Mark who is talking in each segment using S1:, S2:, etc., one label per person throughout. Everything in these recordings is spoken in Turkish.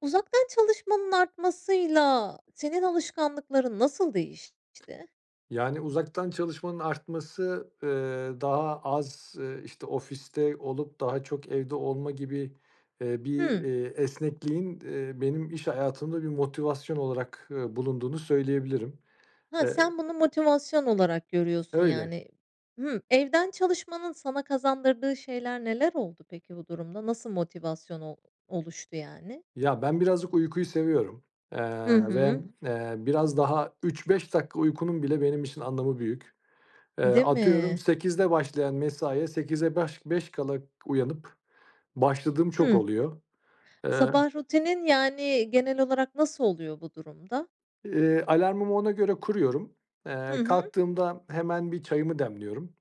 S1: Uzaktan çalışmanın artmasıyla senin alışkanlıkların nasıl değişti?
S2: Yani, uzaktan çalışmanın artması, eee, daha az, ııı, işte, ofiste olup daha çok evde olma gibi, eee, bir
S1: Hıı.
S2: eee esnekliğin, eee, benim iş hayatımda bir motivasyon olarak, ııı, bulunduğunu söyleyebilirim.
S1: Hıh,
S2: Eee
S1: sen bunu motivasyon olarak görüyorsun,
S2: Öyle.
S1: yani. Hı, evden çalışmanın sana kazandırdığı şeyler neler oldu peki, bu durumda? Nasıl motivasyon ol oluştu, yani?
S2: Ya, ben birazcık uykuyu seviyorum,
S1: Hı
S2: eee, ve,
S1: hı.
S2: eee, biraz daha 3-5 dakika uykunun bile benim için anlamı büyük. Eee,
S1: Değil
S2: atıyorum
S1: mi?
S2: 08:00'da başlayan mesaiye sekize baş beş kala uyanıp başladığım çok
S1: Hıı.
S2: oluyor. Eee
S1: Sabah rutinin, yani, genel olarak nasıl oluyor bu durumda?
S2: Eee, alarmımı ona göre kuruyorum.
S1: Hı
S2: Eee,
S1: hı.
S2: kalktığımda hemen bir çayımı demliyorum.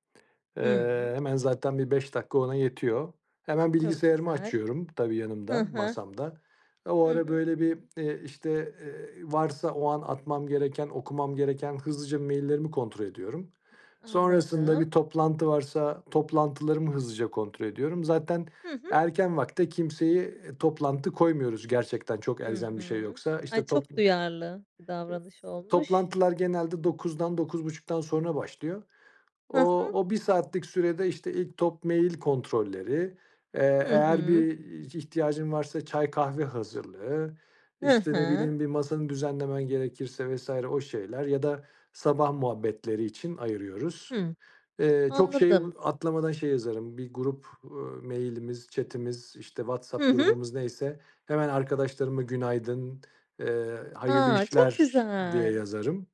S2: Eee,
S1: Hıı.
S2: hemen zaten bir 5 dakika ona yetiyor. Hemen
S1: Çok
S2: bilgisayarımı
S1: güzel.
S2: açıyorum. Tabii,
S1: Hı
S2: yanımda,
S1: hı.
S2: masamda. O
S1: Hı
S2: ara
S1: hı.
S2: böyle bir, eee, işte, eee, varsa o an atmam gereken, okumam gereken, hızlıca maillerimi kontrol ediyorum. Sonrasında
S1: Anladım.
S2: bir toplantı varsa toplantılarımı hızlıca kontrol ediyorum. Zaten
S1: Hı hı.
S2: erken vakite kimseye, eee, toplantı koymuyoruz. Gerçekten çok
S1: Hı
S2: elzem bir şey
S1: hı.
S2: yoksa.
S1: Ay,
S2: İşte, top
S1: çok duyarlı bir davranış olmuş.
S2: Toplantılar genelde, 09:00'dan, 09:30'dan sonra başlıyor.
S1: Hı
S2: O
S1: hı.
S2: o bir saatlik sürede, işte, ilk top mail kontrolleri. Eee,
S1: Hı
S2: eğer
S1: hı.
S2: bir ihtiyacın varsa çay kahve hazırlığı,
S1: Hı
S2: işte, ne
S1: hı.
S2: bileyim, bir masanı düzenlemen gerekirse vs. o şeyler ya da sabah muhabbetleri için ayırıyoruz.
S1: Hıı.
S2: Eee, çok şey
S1: Anladım.
S2: ııı, atlamadan şey yazarım: Bir grup, ııı, mailimiz, chatimiz işte,
S1: Hı
S2: WhatsApp
S1: hı.
S2: grubumuz neyse, hemen arkadaşlarıma günaydın, eee, hayırlı
S1: A, çok
S2: işler, diye
S1: güzel.
S2: yazarım,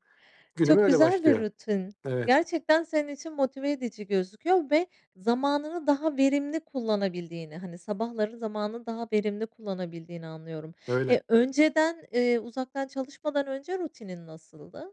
S2: günüm
S1: Çok
S2: öyle
S1: güzel bir
S2: başlıyor.
S1: rutin.
S2: Evet.
S1: Gerçekten senin için motive edici gözüküyor ve zamanını daha verimli kullanabildiğini, hani, sabahları zamanını daha verimli kullanabildiğini anlıyorum.
S2: Öyle.
S1: E, önceden, eee, uzaktan çalışmadan önce rutinin nasıldı?